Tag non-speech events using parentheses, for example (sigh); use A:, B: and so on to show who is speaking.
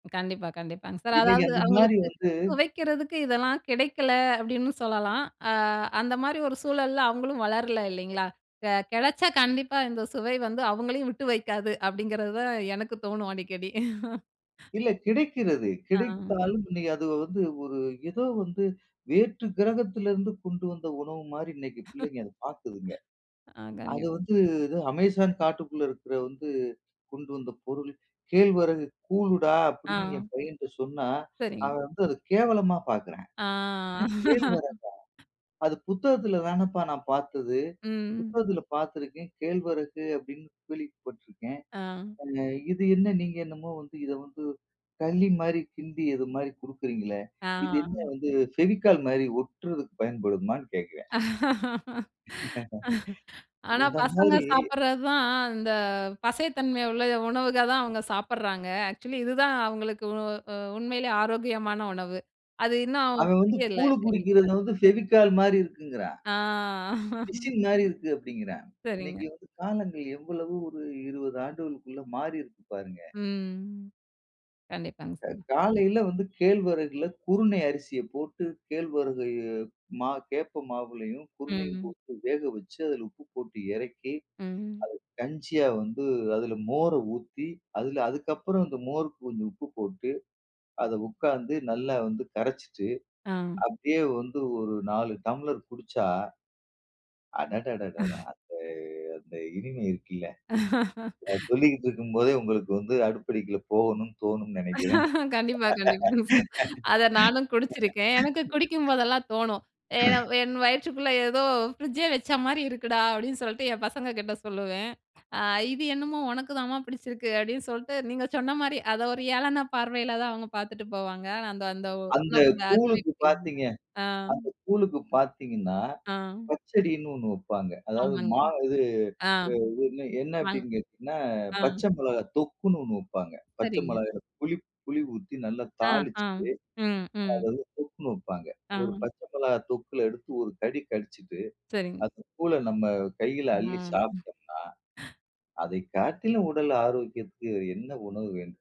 A: கண்டிப்பா, கண்டிப்பாங் சார்,
B: இன்னைக்கு
A: அதாவது
B: அந்த மாரி
A: அவங்களுக்கு
B: வந்து
A: சுவைக்குறதுக்கு இதெல்லாம் கிடைக்கல அப்டின்னு சொல்லலாம். அ அந்த மாரி ஒரு சூழல்ல அவங்களும் வளரல இல்லைங்களா, த கெடைச்சா கண்டிப்பா இந்த சுவை வந்து அவங்களையும் விட்டு வெக்காது அப்டிங்குறது தான் எனக்கு தோணும் அடிக்கடி. (laughs)
B: இல்லை கிடைக்கிறது.
A: ஆ.
B: கிடைத்தாலும், உன்னை அது வந்து ஒரு ஏதோ வந்து வேற்று கிரகத்துலருந்து கொண்டு வந்த உணவு மாரி, இன்னைக்கு பிள்ளைங்க அத பாக்குதுங்க.
A: (laughs) ஆ
B: அத
A: கண்டிப்
B: வந்து எதோ அமேசான் காட்டுக்குள்ள இருக்குற வந்து கொண்டு வந்த பொருள், கேழ்வரகு கூழுடா அப்டின்னு என்
A: ஆ
B: பையன்ட்ட சொன்னா,
A: சரி.
B: அவன் வந்து அத கேவலமா பாக்குறான்,
A: ஆ.
B: என்ன கேழ்வரகா?
A: (laughs)
B: அது புத்தகத்துல தானேப்பா நான் பாத்தது.
A: ம்.
B: புத்தகத்துல பாத்துருக்கேன், கேழ்வரகு அப்டின்னு கேள்விப்பட்டிருக்கேன்.
A: ஆ.
B: அ இது என்ன நீங்க என்னமோ வந்து இத வந்து களி மாரி கிண்டி இது மாரி கொடுக்கிறீங்களே,
A: ஆ.
B: இது என்ன வந்து ஃபெவிக்கால் மாரி ஒட்றதுக்கு பயன்படுமான்னு கேட்குறயான்.
A: (laughs)
B: (laughs)
A: ஆனா,
B: இந்த
A: பசங்க
B: மாரி.
A: சாப்புடுறதான், இந்த பசைத்தன்மை உள்ள உணவுகதான் அவங்க சாப்புடுறாங்க. ஆக்சுவலி இதுதான், அவங்களுக்கு உ அ உண்மையிலேயே ஆரோக்கியமான உணவு. அது இன்னும்
B: அவன் வந்து
A: புரியல
B: கூழு குடிக்குறத
A: (unintelligible)
B: வந்து பெவிகால் மாரி இருக்குங்குறான்.
A: ஆ. (laughs)
B: பிசின் மாறி இருக்கு அப்டிங்குறான்.
A: சரிங்க.
B: இன்னைக்கு வந்து காலங்கள் எவ்வளவு ஒரு 20 ஆண்டுகளுக்குள்ள மாறி இருக்கு பாருங்க.
A: ம், கண்டிப்பாங்க
B: அ
A: சார்.
B: காலைல வந்து கேழ்வரகுல குருணை அரிசிய போட்டு கேழ்வரகு, மா கேப்ப மாவுலையும், குருணையும்
A: ம்.
B: போட்டு வேக வச்சு, அதுல உப்பு போட்டு இறக்கி,
A: ம்.
B: அது கஞ்சியா வந்து அதுல மோர ஊத்தி அதுல அதுக்கப்புறம் இந்த மோருக்கு கொஞ்சம் உப்பு போட்டு, அத உட்காந்து நல்லா வந்து கரச்சுட்டு,
A: ஆ.
B: அப்டியே வந்து ஒரு 4 டம்ளர் குடிச்சா அடடடடா!
A: (chuckles)
B: அந்த அந்த இனிமை இருக்குல்ல. அத
A: (laughs)
B: சொல்லிட்டுருக்கும் போதே, உங்களுக்கு வந்து அடுப்படிக்குள்ள போகணும்னு தோணும்னு நெனைக்குறன்.
A: கண்டிப்பா, கண்டிப்பா அத நானும் குடிச்சுருக்கேன், எனக்கு
B: (laughs)
A: குடிக்கும்போதெல்லாம் தோணும். ஏன்னா,
B: (grunts)
A: என் வயிற்றுக்குள்ள ஏதோ ஃப்ரிட்ஜே வச்ச மாரி இருக்குடா, அப்டின்னு சொல்ட்டு என் பசங்க கிட்ட சொல்லுவேன். அ இது என்னமோ உனக்குதாம்மா பிடிச்சிருக்கு அப்டின்னு சொல்ட்டு, நீங்க சொன்ன மாரி அத ஒரு ஏளன பார்வைல தான் அவங்க பாத்துட்டு போவாங்க. ஆனா, அந்த அந்த
B: அந்த
A: உணவோட அருமை
B: கூழுக்கு
A: புரியல.
B: பாத்தீங்க
A: அ
B: அந்த கூழுக்கு பாத்தீங்கணா,
A: ஆ.
B: பச்சடினு ஒண்ணு வெப்பாங்க. அதாவது
A: ஆமாங்க.
B: மா இது,
A: அ,
B: அ இது என்ன
A: அ,
B: அப்டினு கேட்டீங்கனா
A: ஆ.
B: பச்ச மெளகாய் தொக்குணு ஒண்ணு வெப்பாங்க. பச்ச
A: சரிங்க.
B: மெளகாய்ல புளிப் புளி ஊத்தி நல்லா
A: ஆ, ஆம்,
B: தாளிச்சுட்டு,
A: ம்,
B: அத
A: ம்.
B: வந்து தொக்குணு வெப்பாங்க.
A: ஆ.
B: ஒரு பச்ச மிளகாய் தொக்குல எடுத்து ஒரு கடி கடிச்சுட்டு,
A: சரிங்
B: அந்த கூழ நம்ம கைல அள்ளி
A: ம்.
B: சாப்ட்டோம்னா, அதை காட்டிலும் உடல் ஆரோக்கியத்துக்கு என்ன உணவு வேண்டும்?